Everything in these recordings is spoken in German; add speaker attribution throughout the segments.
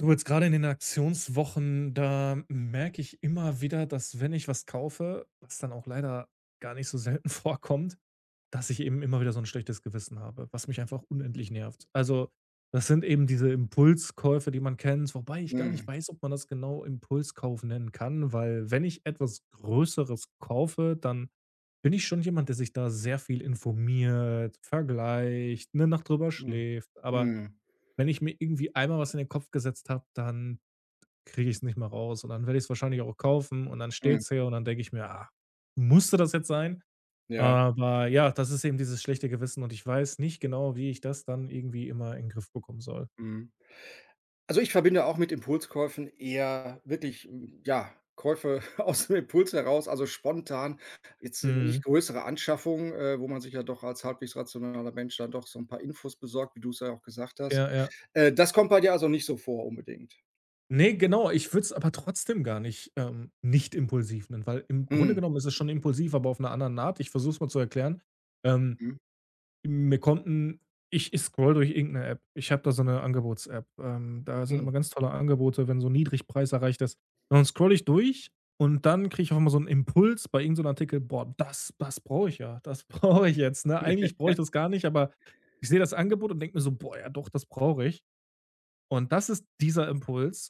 Speaker 1: Du, jetzt gerade in den Aktionswochen, da merke ich immer wieder, dass, wenn ich was kaufe, was dann auch leider gar nicht so selten vorkommt, dass ich eben immer wieder so 'n schlechtes Gewissen habe, was mich einfach unendlich nervt. Also, das sind eben diese Impulskäufe, die man kennt, wobei ich gar nicht
Speaker 2: Mhm.
Speaker 1: weiß, ob man das genau Impulskauf nennen kann, weil wenn ich etwas größeres kaufe, dann bin ich schon jemand, der sich da sehr viel informiert, vergleicht, 'ne Nacht drüber
Speaker 2: Hm,
Speaker 1: schläft, aber,
Speaker 2: mhm.
Speaker 1: wenn ich mir irgendwie einmal was in den Kopf gesetzt habe, dann kriege ich es nicht mehr raus. Und dann werde ich es wahrscheinlich auch kaufen und dann steht
Speaker 2: Mhm.
Speaker 1: es hier und dann denke ich mir: „Ah, musste das jetzt sein?“
Speaker 2: Ja.
Speaker 1: Aber, ja, das ist eben dieses schlechte Gewissen und ich weiß nicht genau, wie ich das dann irgendwie immer in 'n Griff bekommen soll.
Speaker 2: Mhm. Also, ich verbinde auch mit Impulskäufen eher wirklich, hm, ja, Käufe aus dem Impuls heraus. Also, spontan, jetzt, äh, nicht
Speaker 1: Mhm.
Speaker 2: größere Anschaffung, äh, wo man sich ja doch als halbwegs rationaler Mensch dann doch so 'n paar Infos besorgt, wie du es ja auch gesagt hast.
Speaker 1: Ja, ja.
Speaker 2: Äh, das kommt bei dir also nicht so vor, unbedingt?
Speaker 1: Ne, genau. Ich würde es aber trotzdem gar nicht, ähm nicht impulsiv nennen, weil im Grunde
Speaker 2: Mhm.
Speaker 1: genommen ist es schon impulsiv, aber auf 'ner anderen Art. Ich versuche es mal zu erklären. Ähm,
Speaker 2: Mhm.
Speaker 1: mir konnten ich ich scrolle durch irgend 'ne App. Ich habe da so 'ne Angebots-App, ähm, da sind
Speaker 2: Mhm.
Speaker 1: immer ganz tolle Angebote, wenn so Niedrigpreis erreicht ist. Und dann scrolle ich durch und dann kriege ich auch mal so 'n Impuls bei irgend so 'nem Artikel: „Boah, das das brauche ich ja. Das brauche ich jetzt“, ne? Eigentlich brauche ich das gar nicht, aber ich sehe das Angebot und denke mir so: „Boah, ja, doch, das brauche ich.“ Und das ist dieser Impuls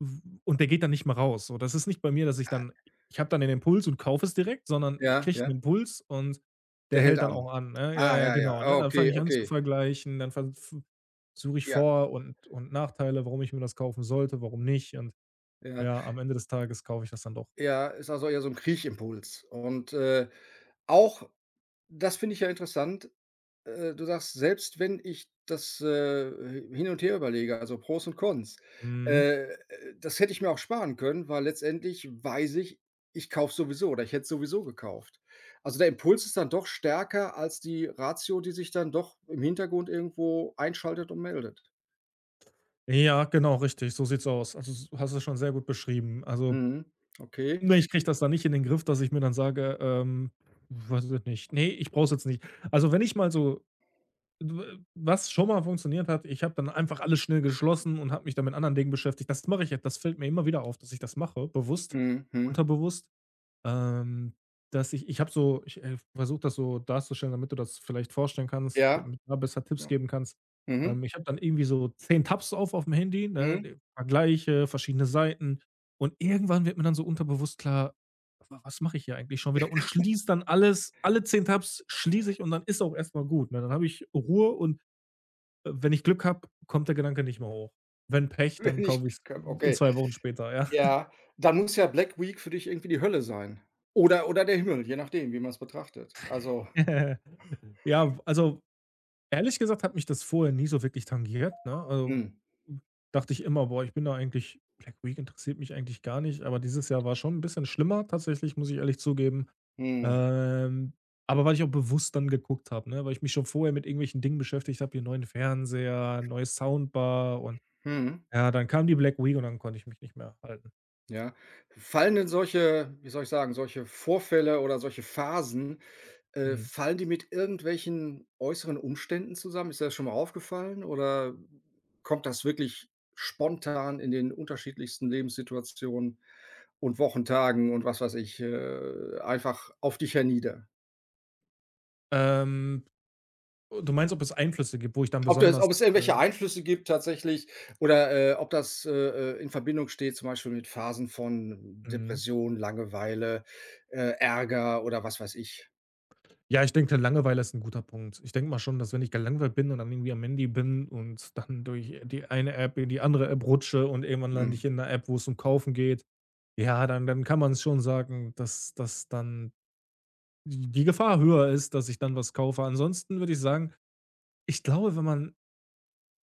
Speaker 1: w und der geht dann nicht mehr raus. So das ist nicht bei mir, dass ich
Speaker 2: Äh.
Speaker 1: dann i ich habe dann den Impuls und kaufe es direkt, sondern ich
Speaker 2: Ja,
Speaker 1: kriege 'n
Speaker 2: ja.
Speaker 1: Impuls und der
Speaker 2: Der hält
Speaker 1: hält dann
Speaker 2: an.
Speaker 1: auch an, ne? Ja,
Speaker 2: Ah,
Speaker 1: ja,
Speaker 2: ja,
Speaker 1: genau,
Speaker 2: ja,
Speaker 1: ne? Dann fange
Speaker 2: okay,
Speaker 1: ich an zu
Speaker 2: okay.
Speaker 1: vergleichen, dann ver v suche ich
Speaker 2: Ja.
Speaker 1: Vor und und Nachteile, warum ich mir das kaufen sollte, warum nicht. Und
Speaker 2: Ja.
Speaker 1: ja, am Ende des Tages kaufe ich das dann doch.
Speaker 2: Ja, ist also eher so 'n Kriechimpuls und, äh, auch das finde ich ja interessant. Äh, du sagst: „Selbst wenn ich das, äh, äh, hin und her überlege, also, Pros und Cons,
Speaker 1: Mhm.
Speaker 2: äh, das hätte ich mir auch sparen können, weil letztendlich weiß ich, ich kaufe es sowieso, oder ich hätte es sowieso gekauft.“ Also, der Impuls ist dann doch stärker als die Ratio, die sich dann doch im Hintergrund irgendwo einschaltet und meldet.
Speaker 1: Ja, genau, richtig, so sieht's aus. Also, s hast du's schon sehr gut beschrieben, also
Speaker 2: Mhm, okay.
Speaker 1: ne, ich kriege das dann nicht in den Griff, dass ich mir dann sage, ähm, weiß ich jetzt nicht. Ne, ich brauche es jetzt nicht. Also, wenn ich mal so dw was schon mal funktioniert hat, ich habe dann einfach alles schnell geschlossen und habe mich da mit anderen Dingen beschäftigt, das mache ich jetzt, das fällt mir immer wieder auf, dass ich das mache, bewusst,
Speaker 2: Mhm, hm.
Speaker 1: unterbewusst. Ähm, dass ich ich habe so ich, äh, versuche das so darzustellen, damit du das vielleicht vorstellen kannst,
Speaker 2: Ja.
Speaker 1: damit da besser Tipps geben kannst.
Speaker 2: Mhm.
Speaker 1: Ähm, ich habe dann irgendwie so 10 Tabs auf aufm Handy,
Speaker 2: Mhm.
Speaker 1: ne, vergleiche verschiedene Seiten und irgendwann wird mir dann so unterbewusst klar: „Was mache ich hier eigentlich schon wieder“, und schließe dann alles, alle 10 Tabs schließe ich und dann ist es auch erstmal gut, ne? Dann habe ich Ruhe und, äh, wenn ich Glück habe, kommt der Gedanke nicht mehr hoch. Wenn Pech, dann
Speaker 2: Wenn ich
Speaker 1: kaufe ich's
Speaker 2: Glück habe,
Speaker 1: i in
Speaker 2: okay.
Speaker 1: 2 Wochen später, ja.
Speaker 2: Ja, dann muss ja Black Week für dich irgendwie die Hölle sein. Oder oder der Himmel, je nachdem, wie man es betrachtet, also
Speaker 1: Ja, also, ehrlich gesagt, hat mich das vorher nie so wirklich tangiert, ne? Also,
Speaker 2: Mhm.
Speaker 1: u dachte ich immer: „Boah, ich bin da eigentlich Black Week interessiert mich eigentlich gar nicht“, aber dieses Jahr war schon 'n bisschen schlimmer tatsächlich, muss ich ehrlich zugeben.
Speaker 2: Mhm.
Speaker 1: Ähm, aber weil ich auch bewusst dann geguckt habe, ne, weil ich mich schon vorher mit irgendwelchen Dingen beschäftigt habe, hier neuen Fernseher, neue Soundbar und
Speaker 2: Mhm.
Speaker 1: ja, dann kam die Black Week und dann konnte ich mich nicht mehr halten.
Speaker 2: Ja, fallen denn solche wie soll ich sagen, solche Vorfälle oder solche Phasen, äh,
Speaker 1: Mhm.
Speaker 2: fallen die mit irgendwelchen äußeren Umständen zusammen? Ist dir das schon mal aufgefallen, oder kommt das wirklich spontan in den unterschiedlichsten Lebenssituationen und Wochentagen und was weiß ich, äh, einfach auf dich hernieder?
Speaker 1: Ähm. O du meinst, ob es Einflüsse gibt, wo ich dann
Speaker 2: Ob das
Speaker 1: besonders,
Speaker 2: ob es irgendwelche
Speaker 1: äh
Speaker 2: Einflüsse gibt tatsächlich oder, äh, ob das, äh, äh, in Verbindung steht, zum Beispiel mit Phasen von
Speaker 1: Mhm.
Speaker 2: Depression, Langeweile, äh, Ärger oder was weiß ich.
Speaker 1: Ja, ich denke, Langeweile ist 'n guter Punkt. Ich denke mal schon, dass wenn ich gelangweilt bin und dann irgendwie am Handy bin und dann durch die eine App die andere App rutsche und irgendwann lande ich
Speaker 2: Mhm.
Speaker 1: in 'ner App, wo's um Kaufen geht, ja, dann dann kann man's schon sagen, das das dann, die die Gefahr höher ist, dass ich dann was kaufe. Ansonsten würde ich sagen, ich glaube, wenn man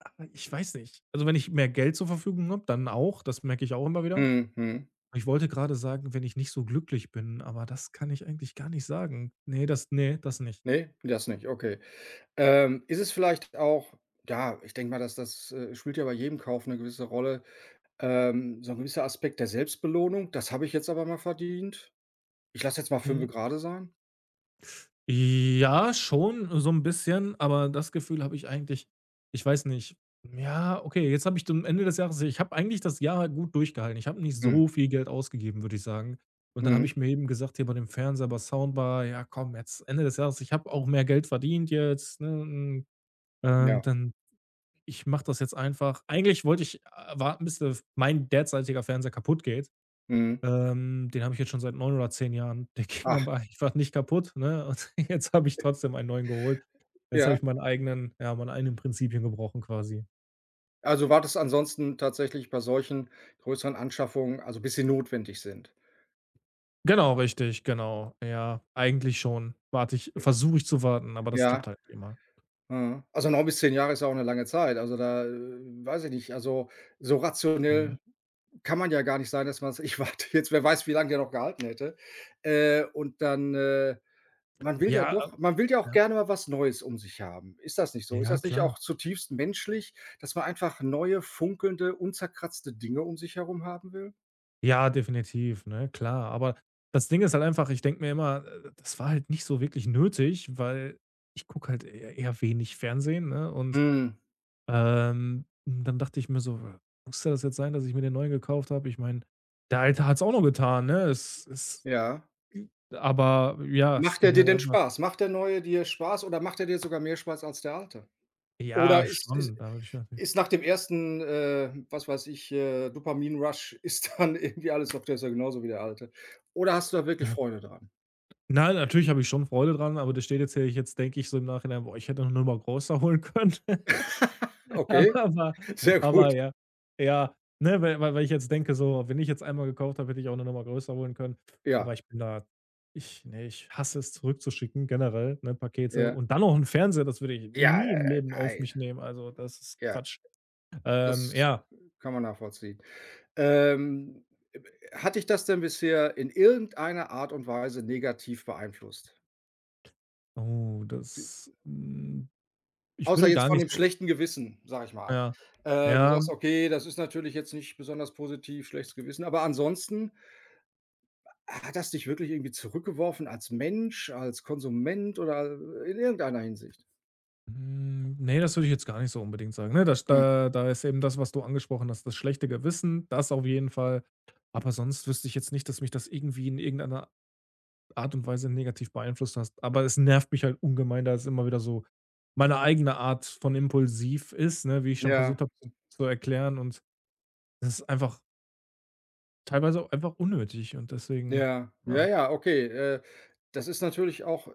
Speaker 1: aber ich weiß nicht. Also, wenn ich mehr Geld zur Verfügung habe, dann auch, das merke ich auch immer wieder.
Speaker 2: Mhm, mhm.
Speaker 1: Ich wollte gerade sagen: „Wenn ich nicht so glücklich bin“, aber das kann ich eigentlich gar nicht sagen. Ne, das ne, das nicht.
Speaker 2: Ne, das nicht. Okay. Ähm, ist es vielleicht auch, ja, ich denke mal, dass das, äh, spielt ja bei jedem Kauf 'ne gewisse Rolle, ähm, so 'n gewisser Aspekt der Selbstbelohnung: „Das habe ich jetzt aber mal verdient. Ich lasse jetzt mal fünfe
Speaker 1: Mhm.
Speaker 2: gerade sein“?
Speaker 1: Ja, schon so 'n bisschen, aber das Gefühl habe ich eigentlich ich weiß nicht. Ja, okay, jetzt habe ich dann am Ende des Jahres ich habe eigentlich das Jahr gut durchgehalten. Ich habe nicht
Speaker 2: Mhm.
Speaker 1: so viel Geld ausgegeben, würde ich sagen. Und dann habe
Speaker 2: Mhm.
Speaker 1: ich mir eben gesagt, hier bei dem Fernseher bei Soundbar: „Ja, komm, jetzt Ende das Jahres. Ich habe auch mehr Geld verdient jetzt, ne? Hm, und
Speaker 2: Ja.
Speaker 1: dann ich mache das jetzt einfach.“ Eigentlich wollte ich a warten, bis das mein derzeitiger Fernseher kaputt geht.
Speaker 2: Mhm.
Speaker 1: Ähm, den habe ich jetzt schon seit 9 oder 10 Jahren. Der ging
Speaker 2: Ach.
Speaker 1: aber einfach nicht kaputt, ne, und jetzt habe ich trotzdem einen neuen geholt. Jetzt habe
Speaker 2: Ja.
Speaker 1: ich meinen eigenen ja, meine eigenen Prinzipien gebrochen quasi.
Speaker 2: Also, wartest du ansonsten tatsächlich bei solchen größeren Anschaffungen, also, bis sie notwendig sind?
Speaker 1: Genau, richtig, genau. Ja, eigentlich schon, warte ich
Speaker 2: J
Speaker 1: versuche ich zu warten, aber das
Speaker 2: Ja.
Speaker 1: klappt halt nicht immer.
Speaker 2: Mhm. Also, 9 bis 10 Jahre ist auch 'ne lange Zeit. Also, da äh, weiß ich nicht. Also, so
Speaker 1: Mhm.
Speaker 2: rationell kann man ja gar nicht sagen, dass man s „Ich warte jetzt.“ Wer weiß, wie lange der noch gehalten hätte. Äh, und dann, äh man will ja
Speaker 1: Ja,
Speaker 2: doch
Speaker 1: äh
Speaker 2: man will ja auch
Speaker 1: ja?
Speaker 2: gerne mal was Neues um sich haben. Ist das nicht so? Ist
Speaker 1: Ja,
Speaker 2: das nicht
Speaker 1: klar.
Speaker 2: auch zutiefst menschlich, dass man einfach neue funkelnde unzerkratzte Dinge um sich herum haben will?
Speaker 1: Ja, definitiv, ne, klar. Aber das Ding ist halt einfach, ich denke mir immer, äh: „Das war halt nicht so wirklich nötig“, weil ich gucke halt e eher wenig Fernsehen, ne, und,
Speaker 2: Mhm.
Speaker 1: ähm und dann dachte ich mir so: „Muss das jetzt sein, dass ich mir den Neuen gekauft habe? Ich meine, der Alte hat's auch noch getan, ne?“ Es ist
Speaker 2: Ja.
Speaker 1: hm, aber ja, es
Speaker 2: Macht er
Speaker 1: ging
Speaker 2: dir
Speaker 1: halt
Speaker 2: denn
Speaker 1: [unintelligible]
Speaker 2: Spaß? Macht der Neue dir Spaß oder macht er dir sogar mehr Spaß als der Alte?
Speaker 1: Ja,
Speaker 2: Oder ist ist
Speaker 1: schon, da würde ich natürlich
Speaker 2: ist nach dem 1. äh, was weiß ich, äh, Dopamin Rush ist dann irgendwie alles oft ja genauso wie der Alte. Oder hast du da wirklich
Speaker 1: Ja.
Speaker 2: Freunde dran?
Speaker 1: Nein, natürlich habe ich schon Freude dran, aber das steht jetzt hier. Jetzt denke ich so im Nachhinein: „Boah, ich hätte noch 'ne Nummer großer holen können.“
Speaker 2: Okay.
Speaker 1: Aber aber
Speaker 2: Sehr gut.
Speaker 1: aber ja, ja, ne, weil weil weil ich jetzt denke so: „Wenn ich jetzt einmal gekauft habe, hätte ich auch 'ne Nummer größer holen können.“ Aber
Speaker 2: Ja.
Speaker 1: ich bin da ich ne, ich hasse es zurückzuschicken generell, ne, Pakete.
Speaker 2: Ja.
Speaker 1: Und dann noch 'n Fernseher, das würde ich
Speaker 2: Ja,
Speaker 1: nie im
Speaker 2: äh,
Speaker 1: Leben auf mich
Speaker 2: nein.
Speaker 1: nehmen. Also, das ist
Speaker 2: Ja.
Speaker 1: Quatsch. Ähm,
Speaker 2: Das,
Speaker 1: ja.
Speaker 2: äh, kann man nachvollziehen. Ähm, äh, hat dich das denn bisher in irgendeiner Art und Weise negativ beeinflusst?
Speaker 1: Oh,
Speaker 2: D
Speaker 1: das hm, ich
Speaker 2: Außer
Speaker 1: würde
Speaker 2: jetzt
Speaker 1: gar
Speaker 2: von
Speaker 1: nicht
Speaker 2: dem
Speaker 1: so
Speaker 2: schlechten Gewissen, sage ich mal.
Speaker 1: Ja.
Speaker 2: Äh, du
Speaker 1: Ja.
Speaker 2: sagst: „Okay, das ist natürlich jetzt nicht besonders positiv, schlechtes Gewissen”, aber ansonsten hat das dich wirklich irgendwie zurückgeworfen, als Mensch, als Konsument oder i in irgendeiner Hinsicht?
Speaker 1: Mhm, ne, das würde ich jetzt gar nicht so unbedingt sagen, ne? Das
Speaker 2: Hm.
Speaker 1: da da ist eben das, was du angesprochen hast das schlechte Gewissen, das auf jeden Fall, aber sonst wüsste ich jetzt nicht, dass mich das irgendwie in irgendeiner Art und Weise negativ beeinflusst hast. Aber es nervt mich halt ungemein, da es immer wieder so meine eigene Art von impulsiv ist, ne, wie ich schon
Speaker 2: Ja.
Speaker 1: versucht habe zu zu erklären, und das ist einfach teilweise auch einfach unnötig und deswegen
Speaker 2: Ja, ja,
Speaker 1: ja.
Speaker 2: ja. Okay, äh, das ist natürlich auch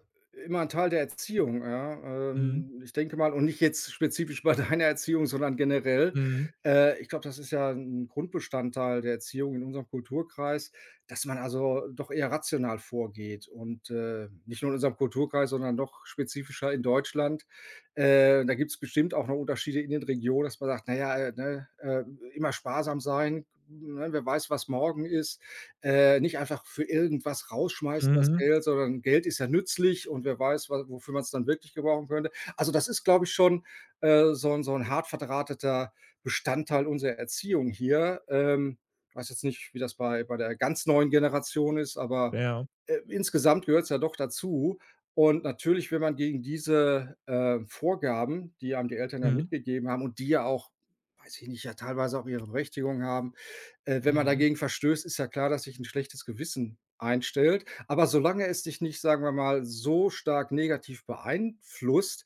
Speaker 2: immer 'n Teil der Erziehung, ja,
Speaker 1: Mhm.
Speaker 2: ähm, ich denke mal und nicht jetzt spezifisch bei deiner Erziehung, sondern generell.
Speaker 1: Mhm.
Speaker 2: Äh, ich glaube, das ist ja 'n Grundbestandteil der Erziehung in unserem Kulturkreis, dass man also doch eher rational vorgeht und äh, nicht nur in unserem Kulturkreis, sondern noch spezifischer in Deutschland. Äh, da gibt's bestimmt auch noch Unterschiede in den Regionen, dass man sagt: „Na ja, äh, ne, äh, immer sparsam sein, ne, wer weiß, was morgen ist äh, nicht einfach für irgendwas rausschmeißen, das
Speaker 1: Mhm.
Speaker 2: Geld, sondern Geld ist ja nützlich und wer weiß, wa wofür man's dann wirklich gebrauchen könnte.” Also das ist, glaube ich, schon, äh, so 'n so 'n hart verdrahteter Bestandteil unserer Erziehung hier ähm, ich weiß jetzt nicht, wie das bei bei der ganz neuen Generation ist, aber,
Speaker 1: Ja.
Speaker 2: äh, insgesamt gehört's ja doch dazu. Und natürlich, wenn man gegen diese, äh, Vorgaben, die einem die Eltern ja
Speaker 1: Mhm.
Speaker 2: mitgegeben haben und die ja auch, weiß ich nicht, ja teilweise auch ihre Berechtigung haben äh, wenn man
Speaker 1: Mhm.
Speaker 2: dagegen verstößt, ist ja klar, dass sich 'n schlechtes Gewissen einstellt, aber solange es dich nicht, sagen wir mal so stark negativ beeinflusst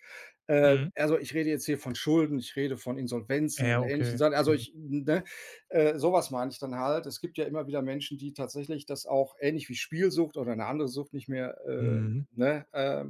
Speaker 2: äh,
Speaker 1: Mhm.
Speaker 2: also, ich rede jetzt hier von Schulden, ich rede von Insolvenzen
Speaker 1: Ja,
Speaker 2: oder ähnlichen
Speaker 1: okay,
Speaker 2: Sachen, also
Speaker 1: okay.
Speaker 2: ich ne, äh, sowas meine ich dann halt. Es gibt ja immer wieder Menschen, die tatsächlich das auch ähnlich wie Spielsucht oder 'ne andere Sucht nicht mehr, äh
Speaker 1: Mhm.
Speaker 2: ne, äh,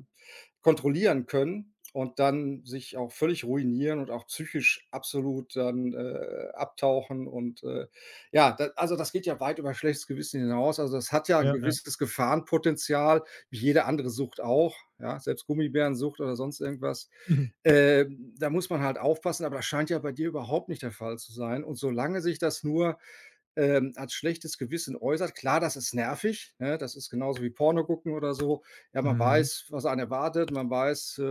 Speaker 2: kontrollieren können und dann sich auch völlig ruinieren und auch psychisch absolut dann, äh, abtauchen und, äh, ja, d also, das geht ja weit über schlechtes Gewissen hinaus, also, das hat ja 'n
Speaker 1: Ja, ja.
Speaker 2: gewisses Gefahrenpotenzial wie jede andere Sucht auch ja, selbst Gummibärensucht oder sonst irgendwas.
Speaker 1: Mhm.
Speaker 2: Äh, da muss man halt aufpassen, aber das scheint ja bei dir überhaupt nicht der Fall zu sein und solange sich das nur, äh, als schlechtes Gewissen äußert klar, das ist nervig, ne, das ist genauso wie Porno gucken oder so. Ja, man
Speaker 1: Mhm.
Speaker 2: weiß, was einen erwartet man weiß, äh,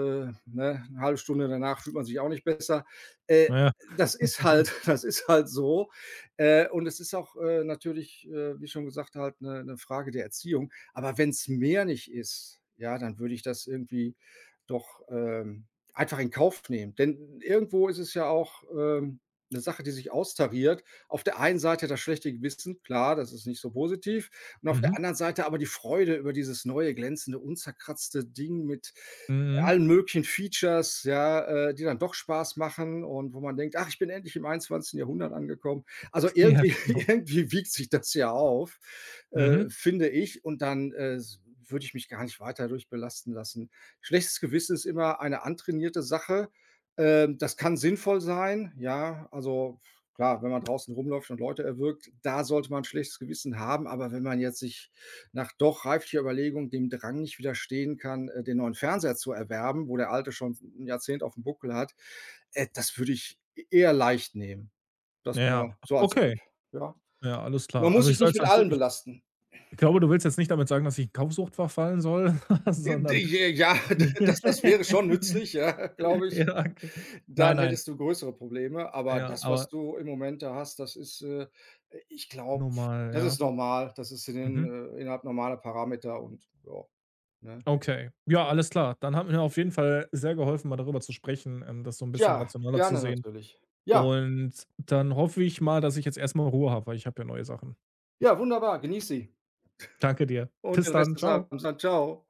Speaker 2: ne, 'ne 1/2 Stunde danach fühlt man sich auch nicht besser äh,
Speaker 1: Na ja.
Speaker 2: das ist halt das ist halt so. Äh, und es ist auch, äh, natürlich, äh, wie schon gesagt halt 'ne 'ne Frage der Erziehung. Aber wenn's mehr nicht ist, ja, dann würde ich das irgendwie doch, ähm, einfach in Kauf nehmen, denn irgendwo ist es ja auch, ähm, 'ne Sache, die sich austariert. Auf der einen Seite das schlechte Gewissen, klar, das ist nicht so positiv, und auf der
Speaker 1: Mhm.
Speaker 2: anderen Seite aber die Freude über dieses neue glänzende, unzerkratzte Ding mit
Speaker 1: Mhm.
Speaker 2: allen möglichen Features, ja, äh, die dann doch Spaß machen und wo man denkt: „Ach, ich bin endlich im 21. Jahrhundert angekommen.“ Also
Speaker 1: Ja,
Speaker 2: irgendwie
Speaker 1: genau.
Speaker 2: irgendwie wiegt sich das ja auf, äh,
Speaker 1: Mhm.
Speaker 2: finde ich, und dann äh s würde ich mich gar nicht weiter dadurch belasten lassen. Schlechtes Gewissen ist immer eine antrainierte Sache, ähm, das kann sinnvoll sein, ja, also f klar, wenn man draußen rumläuft und Leute erwürgt, da sollte man 'n schlechtes Gewissen haben, aber wenn man jetzt sich nach doch reiflicher Überlegung dem Drang nicht widerstehen kann, äh, den neuen Fernseher zu erwerben, wo der alte schon s 'n Jahrzehnt auf'm Buckel hat, äh, das würde ich e eher leicht nehmen. Das
Speaker 1: Ja,
Speaker 2: nur so als
Speaker 1: okay.
Speaker 2: Tipp, ja?
Speaker 1: Ja, alles
Speaker 2: Man
Speaker 1: klar.
Speaker 2: muss
Speaker 1: Also, ich
Speaker 2: sich
Speaker 1: sage
Speaker 2: nicht
Speaker 1: es
Speaker 2: mit
Speaker 1: [unintelligible]
Speaker 2: allen
Speaker 1: ich
Speaker 2: belasten.
Speaker 1: ich glaube, du willst jetzt nicht damit sagen, dass ich in Kaufsucht verfallen soll,
Speaker 2: [unintelligible]
Speaker 1: sondern
Speaker 2: Ja, das das wäre schon nützlich, ja, glaube ich.
Speaker 1: ja, okay. Nein,
Speaker 2: Dann
Speaker 1: nein.
Speaker 2: hättest du größere Probleme, aber
Speaker 1: Ja,
Speaker 2: das, was
Speaker 1: aber
Speaker 2: du im Moment da hast, das ist äh, äh, ich glaube,
Speaker 1: Normal,
Speaker 2: das
Speaker 1: ja.
Speaker 2: ist normal das ist in den
Speaker 1: Mhm.
Speaker 2: äh, innerhalb normaler Parameter und ja, ne?
Speaker 1: Okay. Ja, alles klar. Dann hat mir auf jeden Fall sehr geholfen, mal darüber zu sprechen, ähm, das so 'n bisschen
Speaker 2: Ja,
Speaker 1: rationeller zu
Speaker 2: gerne,
Speaker 1: sehen,
Speaker 2: natürlich. Ja.
Speaker 1: und dann hoffe ich mal, dass ich jetzt erstmal Ruhe habe, weil ich habe ja neue Sachen.
Speaker 2: Ja, wunderbar! Genieße sie
Speaker 1: Danke dir.
Speaker 2: und
Speaker 1: Bis
Speaker 2: den Rest
Speaker 1: dann.
Speaker 2: des
Speaker 1: Tschau.
Speaker 2: Abends dann. Tschau.